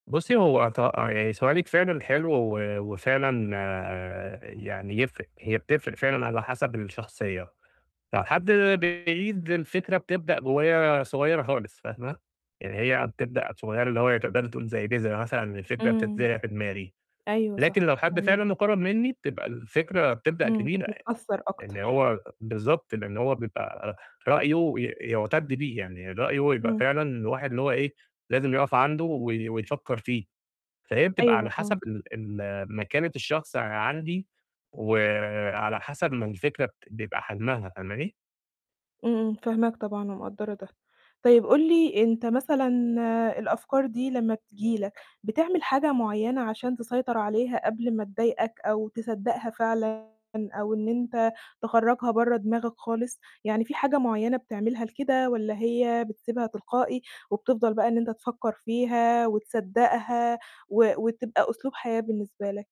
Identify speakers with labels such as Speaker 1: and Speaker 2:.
Speaker 1: بُصّي، هو ط يعني سؤالِك فعلًا حلو، و وفعلًا آآ يعني يفرق، هي بتفرق فعلًا على حسب الشخصية، فحد بعيد الفكرة بتبدأ ب وهي صغيرة خالص، فاهمة؟ يعني هي بتبدأ صغيرة، اللي هو تقدري تقولي زَي بذرة مثلًا، الفكرة
Speaker 2: امم،
Speaker 1: بتتزع في دماغي.
Speaker 2: أيوه
Speaker 1: لكن
Speaker 2: صح،
Speaker 1: لو حد فعلًا
Speaker 2: فاهماك.
Speaker 1: مقرب مني بتبقى الفكرة بتبدأ
Speaker 2: امم،
Speaker 1: كبيرة يعني
Speaker 2: متأثر
Speaker 1: إن
Speaker 2: أكتر.
Speaker 1: هو بالضبط، لإن هو بيبقى رأيه ي يعتد بيه يعني رأيه يبقى
Speaker 2: امم.
Speaker 1: فعلًا الواحد اللي هو إيه؟ لازم يقف عنده وي ويفكر فيه، فهي بتبقى، على
Speaker 2: أيوه، آه.
Speaker 1: حسب ال ال مكانة الشخص عندي، وعلى حسب ما الفكرة بت بيبقى حجمها، فاهماني؟
Speaker 2: امم، امم، فاهماك طبعًا، ومقدرة ده، طيب قل لي أنت مثلًا الأفكار دي لما بتيجي لك، بتعمل حاجة معيّنة عشان تسيطر عليها، قبل ما تضايقك، أو تصدقها فعلًا أو إن أنت تخرجها برّا دماغك خالص؟ يعني في حاجة معيّنة بتعملها لكده، والّا هي بتسيبها تلقائي، وبتفضل بقى إن أنت تفكر فيها، وتصدقها، و وتبقى أسلوب حياة بالنسبة لك؟